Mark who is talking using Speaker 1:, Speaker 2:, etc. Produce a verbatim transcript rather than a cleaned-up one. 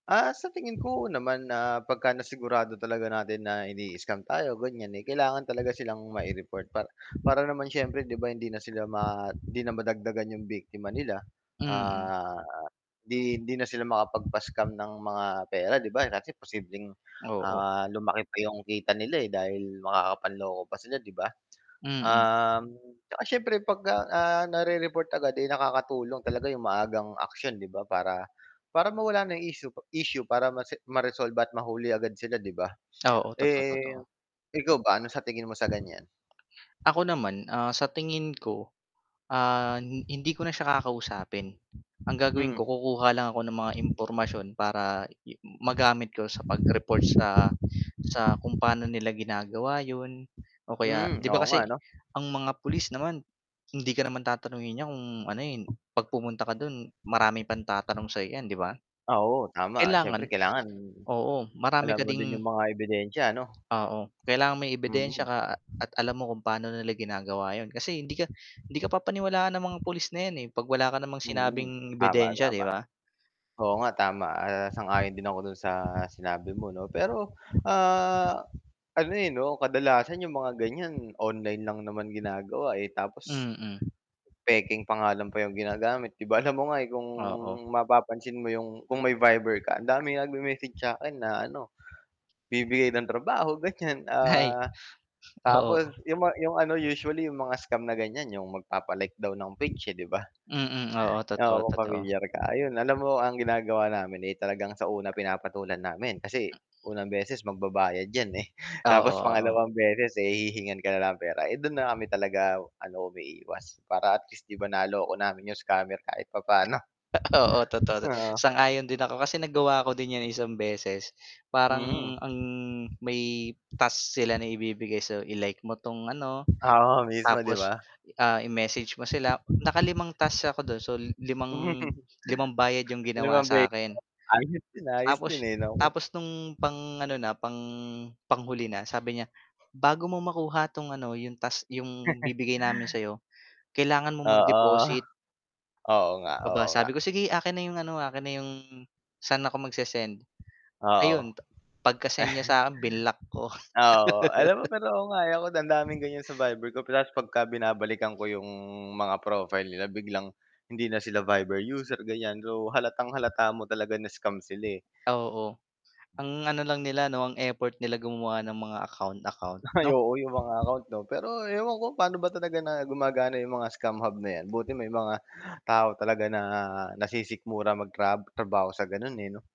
Speaker 1: Ah, sa tingin ko oo naman na pagka-nasigurado talaga natin na ini-scam tayo ganyan, eh, kailangan talaga silang mai-report pa para naman siyempre 'di ba hindi na sila ma hindi na madagdagan 'yong biktima nila.
Speaker 2: Mm.
Speaker 1: Ah, 'di hindi na sila makapagpa-scam ng mga pera 'di ba kasi posibleng,
Speaker 2: Oo.
Speaker 1: ah, lumaki pa 'yong kita nila, eh, dahil makakapanloko pa sila 'di ba?
Speaker 2: Mm.
Speaker 1: Um, 'tsaka siyempre 'pagka nare-report agad eh, nakakatulong talaga 'yong maagang aksyon 'di ba para para mawala na 'yong issue issue para mase ma-resolve at mahuli agad sila 'di ba?
Speaker 2: Oo totoo,
Speaker 1: Eh,
Speaker 2: totoo.
Speaker 1: ikaw ba ano sa tingin mo sa ganyan?
Speaker 2: Ako naman, ah, sa tingin ko, ah, hindi ko na siya kakausapin. Ang gagawin
Speaker 1: Hmm.
Speaker 2: ko kukuha lang ako ng mga impormasyon para i magamit ko sa pag-report sa sa kung paano nila ginagawa yun, o kaya
Speaker 1: Hmm,
Speaker 2: 'di ba
Speaker 1: oo nga
Speaker 2: kasi,
Speaker 1: 'no?
Speaker 2: ang mga pulis naman, hindi ka naman tatanungin niyan kung ano, eh, 'pag pumunta ka do'n maraming pang tatanong sa 'yo 'yan 'di ba?
Speaker 1: Ah, oo tama siyempre
Speaker 2: Kailangan
Speaker 1: kailangan
Speaker 2: oo marami
Speaker 1: alam
Speaker 2: ka
Speaker 1: mo din
Speaker 2: ding
Speaker 1: yung mga ebidensya ano?
Speaker 2: oo kailangan may ebidensya
Speaker 1: Mm.
Speaker 2: ka at alam mo kung paano nila ginagawa yun kasi hindi ka hindi ka papaniwalaan ng mga pulis na yan eh, 'pag wala ka namang
Speaker 1: Mm,
Speaker 2: sinabing
Speaker 1: tama,
Speaker 2: ebidensya 'di
Speaker 1: tama.
Speaker 2: ba?
Speaker 1: Oo nga tama, ah, sang-ayon din ako dun sa sinabi mo 'no pero, ah, ano eh, 'no kadalasan yung mga ganyan online lang naman ginagawa, eh, tapos,
Speaker 2: Mm.
Speaker 1: pekeng pangalan pa yung ginagamit 'di ba alam mo nga ,eh, kung
Speaker 2: Oo.
Speaker 1: mapapansin mo yung kung may viber ka ang dami nagme-message sakin na ano, bibigay ng trabaho ganyan,
Speaker 2: Ay,
Speaker 1: ah, tapos
Speaker 2: oo.
Speaker 1: yung ma yung ano usually yung mga scam na ganyan yung magpapa-like daw ng page, eh, di ba?
Speaker 2: Mm, oo, totoo,
Speaker 1: Oo kung
Speaker 2: totoo.
Speaker 1: pamilyar ka ayun alam mo ang ginagawa namin, eh, talagang sa una pinapatulan namin kasi, unang beses magbabayad yan, eh,
Speaker 2: Oo,
Speaker 1: tapos
Speaker 2: oo.
Speaker 1: pangalawang beses, eh, hihingan ka na ng pera, eh, dun na kami talaga ano umiiwas para at least 'di ba naloko namin yung scammer kahit papaano.
Speaker 2: Oo totoo
Speaker 1: Oo.
Speaker 2: sang-ayon din ako kasi nagwa ako din yan isang beses,
Speaker 1: Mm.
Speaker 2: parang ang may task sila na ibibigay so i-like mo 'tong ano,
Speaker 1: Oo mismo 'di
Speaker 2: tapos
Speaker 1: ba?
Speaker 2: ah, i-message mo sila naka limang tasks ako dun so limang limang bayad 'yung ginawa
Speaker 1: limang
Speaker 2: sa
Speaker 1: beses
Speaker 2: akin.
Speaker 1: na, ayos din ayos din,
Speaker 2: Tapos
Speaker 1: eh, 'no.
Speaker 2: tapos nung pang ano na, pang panghuli na sabi niya, "Bago mo makuha 'tong ano yung task yung bibigay namin sa 'yo, kailangan mong
Speaker 1: Oo.
Speaker 2: mag-deposit."
Speaker 1: Oo nga,
Speaker 2: Aba
Speaker 1: oo nga.
Speaker 2: sabi ko "Sige akin na 'yong ano, akin na 'yong saan ako magse-send?"
Speaker 1: Oo.
Speaker 2: Ayun ta pagka-send niya sakin binlock ko.
Speaker 1: Ah, oo, alam mo pero oo nga, eh, ewan ko ang daming ganyan sa Viber ko tapos 'pagka binabalikan ko 'yong mga profile nila biglang hindi na sila Viber user ganyan so halatang-halata mo talaga na scam sila, eh.
Speaker 2: Ah, oo. Ang ano lang nila 'no, ang effort nila gumawa ng mga account-account,
Speaker 1: Ay
Speaker 2: 'no?
Speaker 1: oo yung mga account 'no pero ewan ko paano ba talaga na gumagana yung mga scam hub na yan, buti may mga tao talaga na nasisikmura magtra trabaho sa ganon, eh, 'no?